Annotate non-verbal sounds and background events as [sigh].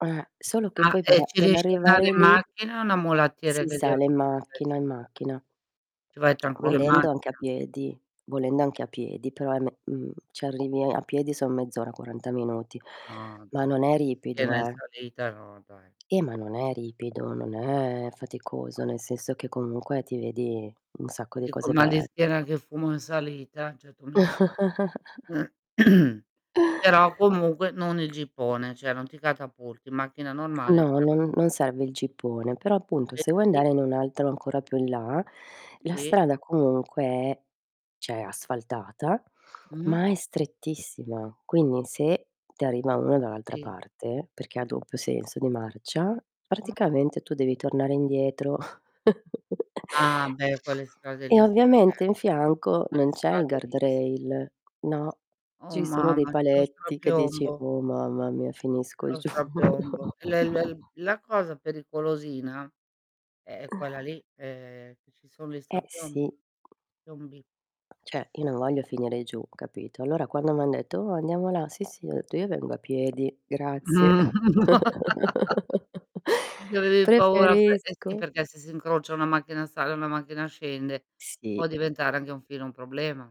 Eh, solo che Ah, poi per e a ci per riesci andare arrivare in lì macchina, o è una mulattiera si che sale in macchina, in [unintelligible] macchina. Ci vai [swallows] tranquillo in Volendo anche a macchina. piedi volendo anche a piedi, però è me mhmm, ci arrivi a piedi son mezz'ora, 40 minuti, No, ma dai, non è ripido, piena in eh. salita, no dai. Eh, ma [unintelligible] non è ripido, non è faticoso, nel [unintelligible] senso che, comunque, ti vedi un sacco di Tipo cose il mal di be schiena che fumo in salita, cioè, tu mi [chuckles] [clears throat] Però, comunque non il jeepone, cioè, non ti catapulti. In macchina normale ti No, ca non non serve il jeepone, però appunto se vuoi [unintelligible] andare in un altro ancora più in là, la Sì. strada comunque è cioè asfaltata, Mh-mh. ma è strettissima. Quindi, se ti arriva uno dall'altra Sì. parte, perché ha doppio senso di marcia, Mh. praticamente tu devi tornare indietro. [chuckles] Ah, beh, quelle strade E lì si, eh. ovviamente in fianco non Quelle c'è il strade lì si. guardrail. No, Oh, ci sono dei mamma, c'è lo paletti che dici: strapiombo. "Uh, mamma mia finisco C'è lo giù." strapiombo. L l [chuckles] l la cosa pericolosina è è quella lì, ehm, che ci son gli Eh, sì. strapiombo piombi. Cioè, io non voglio finire giù, capito, allora, quando m'han detto: "Oh, andiamo là." "Sì sì", ho detto: "Io, vengo a piedi, Mh. grazie." [laughs] [chuckles] C'avevi paura pe Eh, sì "Preferisco." perché se si incrocia, una macchina sale e una macchina scende, può Sì. diventare anche un filo un problema.